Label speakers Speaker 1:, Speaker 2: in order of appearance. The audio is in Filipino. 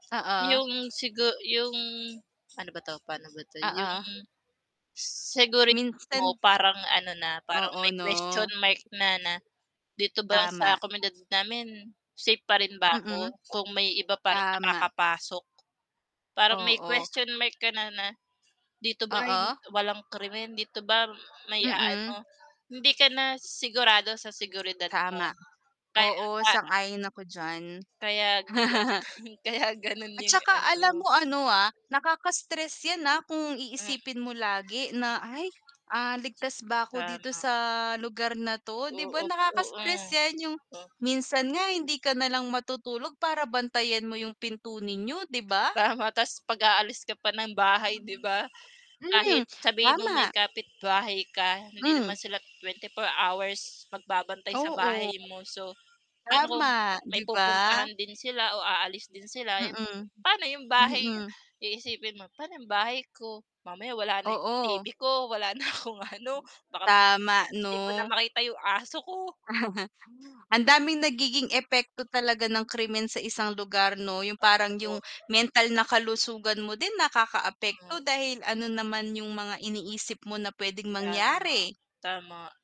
Speaker 1: Oo.
Speaker 2: 'Yong sigu 'yong pa'no ba 'to pa'no ba 'to 'yong,
Speaker 1: Oo.
Speaker 2: seguri mo
Speaker 1: Minsan
Speaker 2: parang ano na parang
Speaker 1: Oo
Speaker 2: may question
Speaker 1: 'no.
Speaker 2: mark na na, dito ba sa
Speaker 1: Tama.
Speaker 2: komunidad namin safe pa rin ba ako,
Speaker 1: Mm,
Speaker 2: kung may iba pa ring
Speaker 1: tama.
Speaker 2: nakakapasok? Parang may
Speaker 1: Oo.
Speaker 2: question mark kana na, dito ba ay
Speaker 1: Oo.
Speaker 2: walang krimen? Dito ba may
Speaker 1: Mm.
Speaker 2: aano? Hindi ka na sigurado sa seguridad mo.
Speaker 1: Tama,
Speaker 2: Ka
Speaker 1: oo
Speaker 2: ka
Speaker 1: sang-ayon ako diyan.
Speaker 2: kaya kaya ganun
Speaker 1: At
Speaker 2: 'yung
Speaker 1: saka alam
Speaker 2: ano.
Speaker 1: mo ano, ah, nakaka-stress 'yan, ah, kung
Speaker 2: Hmm.
Speaker 1: iisipin mo lagi na "Ay, ah, ligtas ba ako dito
Speaker 2: Tama.
Speaker 1: sa lugar na 'to?" 'Di ba
Speaker 2: Oo, oo.
Speaker 1: nakaka-stress 'yan 'yung
Speaker 2: o
Speaker 1: minsan nga hindi ka na lang matutulog para bantayan mo 'yung pinto ninyo 'di ba?
Speaker 2: Tama ta's 'pag aalis ka pa ng bahay 'di ba?
Speaker 1: Hmm,
Speaker 2: Kahit sabihin nung may
Speaker 1: tama.
Speaker 2: kapitbahay ka hindi
Speaker 1: Hmm.
Speaker 2: naman sila 24 hours magbabantay sa
Speaker 1: Oo.
Speaker 2: bahay mo so, pa'no kung
Speaker 1: Tama,
Speaker 2: may
Speaker 1: 'di ba?
Speaker 2: pupuntahan din sila o aalis din sila 'yung
Speaker 1: Mm,
Speaker 2: pa'no 'yung bahay
Speaker 1: mm.
Speaker 2: iisipin mo, pa'no 'yung bahay ko? Mamaya wala na 'yung TV
Speaker 1: Oo.
Speaker 2: ko, wala na akong ano. Baka mamaya
Speaker 1: Tama
Speaker 2: 'di ko na
Speaker 1: 'no.
Speaker 2: makita 'yung aso ko.
Speaker 1: Ang daming nagiging epekto talaga ng krimen sa isang lugar 'no? 'Yung parang
Speaker 2: Opo.
Speaker 1: 'yung mental na kalusugan mo din
Speaker 2: Mhm.
Speaker 1: nakaka-apekto dahil ano
Speaker 2: [unintelligible]
Speaker 1: naman 'yung mga iniisip mo na puwedeng
Speaker 2: Tama,
Speaker 1: mangyari.
Speaker 2: tama.